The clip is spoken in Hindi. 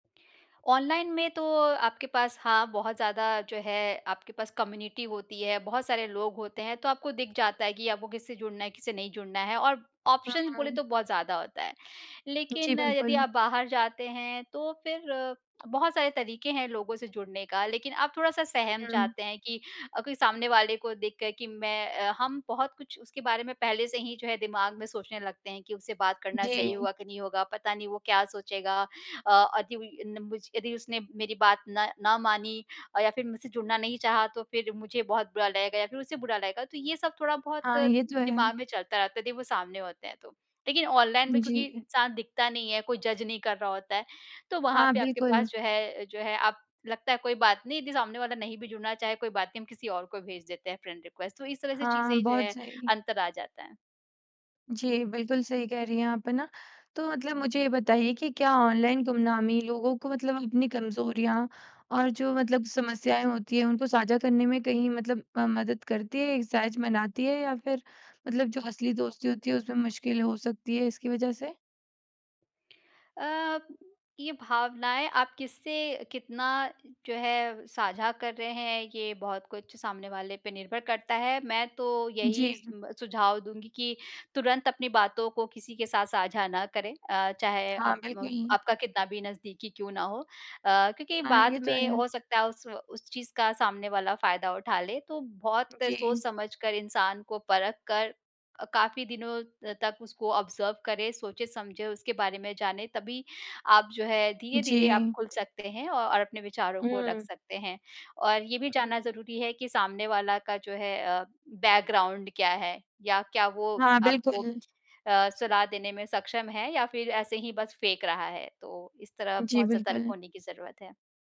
ऑनलाइन में तो आपके पास हाँ, बहुत ज़्यादा जो है आपके पास कम्युनिटी होती है, बहुत सारे लोग होते हैं, तो आपको दिख जाता है कि आपको किससे जुड़ना है, किससे नहीं जुड़ना है और ऑप्शंस बोले हुँ। तो बहुत ज़्यादा होता है। जी, लेकिन यदि बिल्कुल। आप बाहर जाते हैं, तो फिर बहुत सारे तरीक़े हैं, लोगों से जुड़ने का लेकिन आप थोड़ा-सा सहम हुँ, हुँ। चाहते हैं कि अ, कोई सामने वाले को देखकर कि मैं अ, हम बहुत कुछ उसके बारे में पहले से ही जो है दिमाग़ में सोचने लगते हैं कि उससे बात करना सही जी। होगा कि नहीं होगा, पता नहीं वो क्या सोचेगा अ, अदि उम, नम यदि उसने मेरी बात न ना मानी अ, या फिर मुझसे जुड़ना नहीं चाहा, तो फिर मुझे बहुत बुरा लगेगा या फिर उसे बुरा लगेगा तो ये सब थोड़ा-बहुत हाँ, ये तो है। दिमाग़ में चलता रहता है यदि वो सामने होते हैं तो। लेकिन ऑनलाइन में क्योंकि जी। इंसान दिखता नहीं है, कोई जज नहीं कर रहा होता है तो वहाँ हाँ, पे आपके पास बिल्कुल। जो है जो है आप लगता है कोई बात नहीं यदि सामने वाला नहीं भी जुड़ना चाहे कोई बात नहीं, हम किसी और को भेज देते हैं फ्रेंड रिक्वेस्ट तो इस तरह से हाँ, चीज़ें जो बहुत है, सही। अंतर आ जाता है। जी, बिल्कुल सही कह रही हैं आप है ना, तो मतलब मुझे ये बताइए कि क्या ऑनलाइन गुमनामी लोगों को मतलब अपनी कमज़ोरियाँ और जो मतलब समस्याएँ होती हैं, उनको साझा करने में कहीं मतलब अ, मदद करती है ये सहज बनाती है या फिर मतलब जो असली दोस्ती होती है, उसमें मुश्किल हो सकती है, इसकी वजह से? अ, ये भावनाएँ आप किससे कितना जो है साझा कर रहे हैं, ये बहुत कुछ सामने वाले पे निर्भर करता है, मैं तो यही जी। सुम्ब सुझाव दूँगी कि तुरंत अपनी बातों को किसी के साथ साझा ना करें अ, चाहे हाँ, आप म बिल्कुल। आपका कितना भी नज़दीकी क्यों ना हो। अ, क्योंकि हाँ, बाद ये तो में है। हो सकता है उस उस चीज़ का सामने वाला फ़ायदा उठा ले, तो बहुत जी। सोच-समझ कर इंसान को परख कर अ, काफ़ी दिनों तक उसको ऑब्ज़र्व करें, सोचे-समझे उसके बारे में जाने तभी आप जो है, धीरे-धीरे आप जी। खुल सकते हैं औ और अपने विचारों को रख हुँ। सकते हैं। और ये भी हुँ। जानना ज़रूरी है कि सामने वाला का जो है, अ, बैकग्राउंड क्या है या क्या वो हाँ, आपको बिल्कुल। अ, सलाह देने में सक्षम है या फिर ऐसे ही बस फेंक रहा है तो इस तरह जी, बहुत सतर्क बिल्कुल। होने की ज़रूरत है।